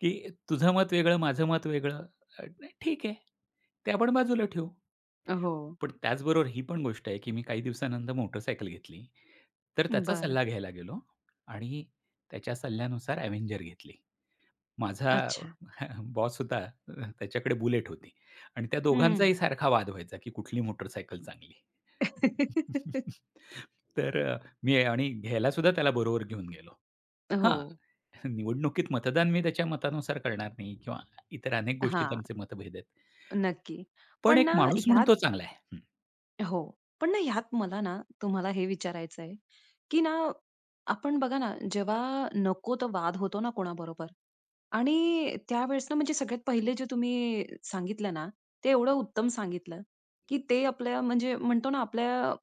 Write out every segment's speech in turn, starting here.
की तुझं मत वेगळं, माझं मत वेगळं अ, नाही, ठीक आहे. ते पण बाजूला ठेवू. अहो. पण त्याचबरोबर ही पण गोष्ट आहे, की मी काही दिवसानंतर मोटरसायकल घेतली. तर त्याचा बरं. सल्ला घ्यायला गेलो आणि त्याच्या सल्ल्यानुसार अव्हेंजर घेतली. माझा अच्छा. बॉस होता, अ, त्याच्याकडे बुलेट होती आणि त्या हं. दोघांचाही सारखा वाद व्हायचा, की कुठली मोटारसायकल चांगली. तर मी आणि घ्यायला सुद्धा त्याला बरोबर घेऊन गेलो. हां, हो. निवडणुकीत मतदान मी त्याच्या मतानुसार करणार नाही किंवा इतर अनेक गोष्टी हां, त्यांचे मतभेद आहेत. नक्की. पण पण एक ना माणूस म्हणून ह्यात तो चांगला आहे. हं. हो, पण ना हयात मला ना तुम्हाला हे विचारायचंय, की ना आपण बघा ना, जेव्हा नको तो वाद होतो ना कोणाबरोबर आणि त्यावेळेस ना म्हणजे सगळ्यात पहिले जे तुम्ही सांगितलं ना ते एवढं उत्तम सांगितलं, की ते आपल्या, म्हणजे म्हणतो ना आपल्या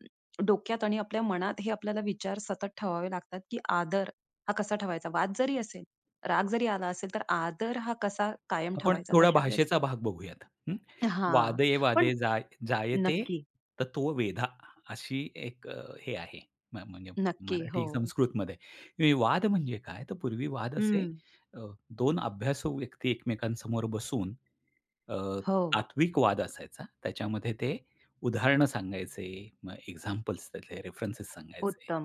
डोक्यात आणि आपल्या मनात हे आपल्याला विचार सतत ठेवावे लागतात, की आदर हा कसा ठेवायचा? वाद जरी असेल, राग जरी आला असेल तर आदर हा कसा कायम आपण ठेवायचा थोडा तशा वेळेस? भाषेचा भाग बघूयात, हं. हां. वादे, पण वादे जाय जायते नक्की. तत्व वेधा, अशी 1 हे आहे, म्ह म्हणजे नक्की, मराठी हो. संस्कृतमध्ये. हे वाद म्हणजे काय? तर पूर्वी वाद असे हं. अ, 2 अभ्यासू व्यक्ती एकमेकांसमोर बसून अ, हो. आत्विक वाद असायचा. त्याच्यामध्ये ते उदाहरणं सांगायचे, मग एक्झाम्पल्स त्यातले रेफरन्स सांगायचे उत्तम.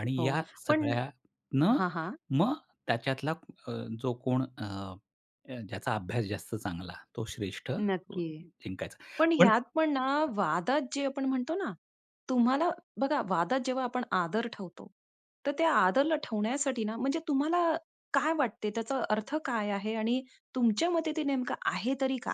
आणि हो, या पण सगळ्या न हां, हां. मग त्याच्यातला अ, जो कोण अ, ज्याचा अभ्यास जास्त चांगला तो श्रेष्ठ, नक्की. जिंकायचा. पण पण ह्यात पण ना वादात जे आपण म्हणतो ना, तुम्हाला बघा वादात जेव्हा आपण आदर ठेवतो तर त्या आदरला ठेवण्यासाठी ना, म्हणजे तुम्हाला काय वाटते? त्याचा अर्थ काय आहे? आणि तुमच्या मते ते नेमकं आहे तरी काय?